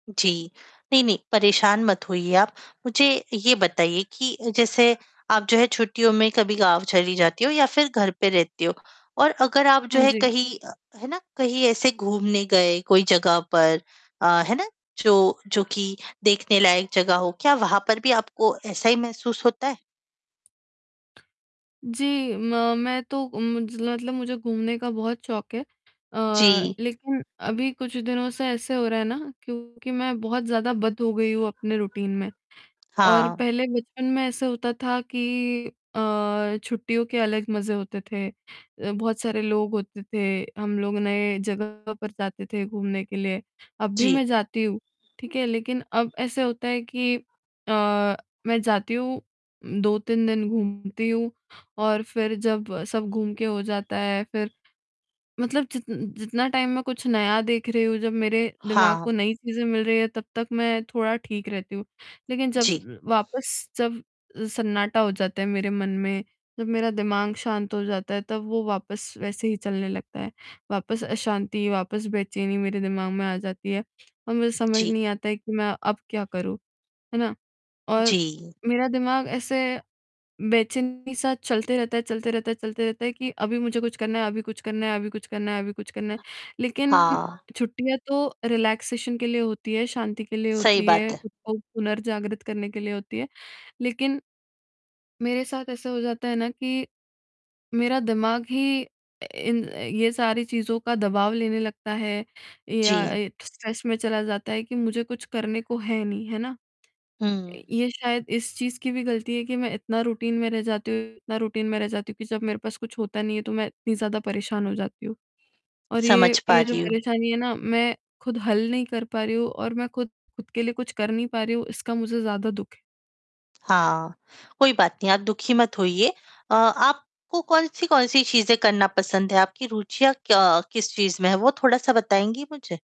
जी, नहीं-नहीं परेशान मत होइए आप, मुझे ये बताइए कि अ, जैसे आप जो है छुट्टियों में कभी गाँव चली जाती हो या फ़िर घर पे रहते हो और अगर आप जो हाँ है जी। कहीं है ना? कहीं ऐसे घूमने गए कोई जगह पर अ, है ना? जो जो कि देखने लायक जगह हो क्या वहाँ पर भी आपको ऐसा ही महसूस होता है? जी, म मैं तो मुझ मतलब मुझे घूमने का बहुत शौक है। अ, जी। लेक़िन अभी कुछ दिनों से ऐसे हो रहा है ना क्योंकि मैं बहुत ज़्यादा बँध हो गई हूँ अपने रूटीन में और हाँ। पहले बचपन में ऐसा होता था कि अ, छुट्टियों के अलग मज़े होते थे अ, बहुत सारे लोग होते थे हम लोग नए जगह पर जाते थे घूमने के लिए। अब भी जी। मैं जाती हूँ ठीक है, लेक़िन अब ऐसा होता है कि अ, मैं जाती हूँ 2-3 दिन घूमती हूँ और फ़िर जब सब घूम के हो जाता है फ़िर मतलब जित जितना टाइम मैं कुछ नया देख रही हूँ जब मेरे दिमाग हाँ। को नई चीज़ें मिल रही हैं, तब तक मैं थोड़ा ठीक रहती हूँ। लेक़िन जब जी। वापस जब सन्नाटा हो जाता है मेरे मन में, जब मेरा दिमाग शांत हो जाता है तब वो वापस वैसे ही चलने लगता है। वापस अशांति, वापस बेचैनी मेरे दिमाग में आ जाती है और मुझे समझ जी। नहीं आता है कि मैं अब क्या करूँ, है ना? और जी। मेरा दिमाग ऐसे बेचैनी-सा चलते रहता है चलते रहता है चलते रहता है कि अभी मुझे कुछ करना है अभी कुछ करना है अभी कुछ करना है अभी कुछ करना है। लेक़िन हाँ। छुट्टियाँ तो रिलैक्सेशन के लिए होती है, शांति के लिए सही होती बात है, है। ख़ुद को पुनर्जागृत करने के लिए होती है। लेक़िन मेरे साथ ऐसा हो जाता है ना कि मेरा दिमाग ही इन ये सारी चीज़ों का दबाव लेने लगता है या जी। स्ट्रेस में चला जाता है कि मुझे कुछ करने को है नहीं, है ना? हुँ। ये शायद इस चीज़ की भी ग़लती है कि मैं इतना रूटीन में रह जाती हूँ इतना रूटीन में रह जाती हूँ कि जब मेरे पास कुछ होता नहीं है, तो मैं इतनी ज़्यादा परेशान हो जाती हूँ। और ये समझ पा ये जो रही हूँ। परेशानी है ना मैं ख़ुद हल नहीं कर पा रही हूँ और मैं ख़ुद ख़ुद के लिए कुछ कर नहीं पा रही हूँ इसका मुझे ज़्यादा दुख है। हाँ, कोई बात नहीं आप दुखी मत होइए। अ, आपको कौन-सी कौन-सी चीज़ें करना पसंद है? आपकी रुचियाँ क्या किस चीज़ में हैं वो थोड़ा-सा बताएँगी मुझे?